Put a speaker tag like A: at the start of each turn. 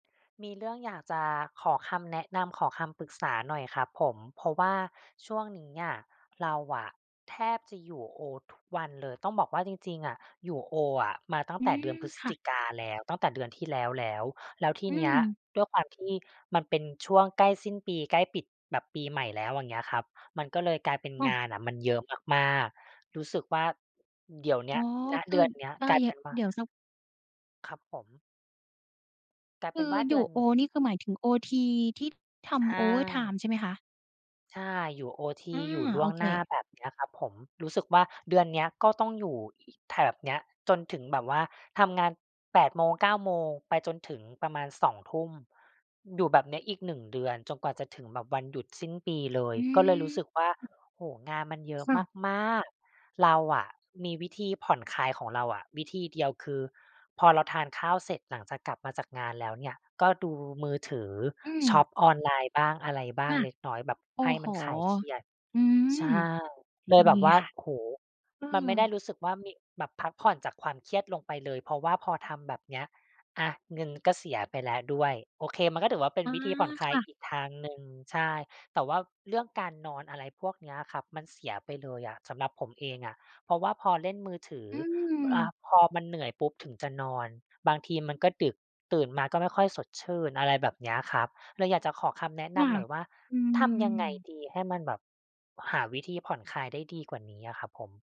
A: มีเรื่องอยากจะขอคำแนะนำ ขอคำปรึกษาหน่อยครับผม เพราะว่าช่วงนี้อะ เราอะแทบจะอยู่โอทุกวันเลย ต้องบอกว่าจริง ๆ อะ อยู่โออะมาตั้ง
B: อื
A: แต่เด
B: ม
A: ือนพฤศ
B: ค่ะ
A: จิกาแล้ว ตั้งแต่เดือนที่แล้วแล้ว แล้วที
B: อื
A: เนี้ย
B: ม
A: ด้วยความที่มันเป็นช่วงใกล้สิ้นปี ใกล้ปิดแบบปีใหม่แล้ว อย่างเงี้ยครับ มันก็เลยกลายเป็น
B: ค่
A: ง
B: ะ
A: านอะมันเยอะมาก ๆ รู้สึกว่าเดี๋ยวเน
B: อ
A: ี้
B: ๋อ
A: ย ณ
B: ค
A: เ
B: ื
A: ด
B: อ
A: ือนเนี้ย
B: ได้
A: กลาย
B: เย
A: เ
B: อ
A: ป็
B: ะ
A: นว่
B: เ
A: า
B: ดี๋ยวสัก
A: ครับผม กลาย
B: ค
A: เป
B: ื
A: ็น
B: อ
A: ว่า
B: อ
A: เ
B: ย
A: ดื
B: ู่
A: อน
B: โอ
A: นี้
B: นี่คือหมายถึงโอที ที่ท
A: ใช
B: ำ โอเวอร์ไท
A: ่
B: ม์ ใช่ไหมคะ?
A: ใช่ อยู่โอท
B: อ
A: ี
B: า
A: อยู่ล
B: โ
A: ่
B: อ
A: วง
B: เค
A: หน้าแบบเนี้ยครับผม รู้สึกว่าเดือนเนี้ยก็ต้องอยู่อีก แถบเนี้ย จนถึงแบบว่าทำงาน 8 โมง 9 โมง ไปจนถึงประมาณ 2 ทุ่ม อยู่แบบเนี้ยอีก 1 เดือนจนกว่าจะถึงแบบวันหยุดสิ้นปีเลย
B: อื
A: ก็เลยรู้สึกว่า
B: ม
A: โอ้โฮ งานมันเยอะ
B: ค่ะ
A: มาก ๆ เราอะมีวิธีผ่อนคลายของเราอะ วิธีเดียวคือ พอเราทานข้าวเสร็จหลังจากกลับมาจากงานแล้วเนี่ย ก็ดูมือถือ
B: อื
A: ช
B: ม
A: อปออนไลน์บ้าง อะไรบ้า
B: ค
A: ง
B: ่ะ
A: เล็กน้อย แบบ
B: โอ้
A: ให้
B: โ
A: ม
B: ฮ
A: ันคลายเครียด
B: อื
A: ใ
B: ม
A: ช่ เลย
B: ด
A: แบ
B: ี
A: บว่า
B: ค่ะ
A: โอ้โฮ
B: เออ
A: มันไม่ได้รู้สึกว่ามี แบบพักผ่อนจากความเครียดลงไปเลย เพราะว่าพอทำแบบเนี้ยอะเงินก็เสียไปแล้วด้วย โอเค มันก็ถือว่า เป็
B: อ
A: น
B: ๋อ
A: วิธีผ่อนคล
B: ค
A: าย
B: ่ะ
A: อีกทางหนึ่ง ใช่ แต่ว่าเรื่องการนอนอะไรพวกเนี้ยครับ มันเสียไปเลยอะสำหรับผมเองอะ เพราะว่าพอเล่นมือถือ
B: อื
A: อ่า
B: ม
A: พอมันเหนื่อยปุ๊บถึงจะนอน บางทีมันก็ดึกตื่นมาก็ไม่ค่อยสดชื่น อะไรแบบเนี้ยครับ เลยอยากจะขอคำแนะ
B: ค
A: น
B: ่ะ
A: ำหน่อยว่า
B: อื
A: ทำยังไง
B: ม
A: ดี ให้มันแบบหาวิธีผ่อนคลายได้ดีกว่านี้อะครับผม?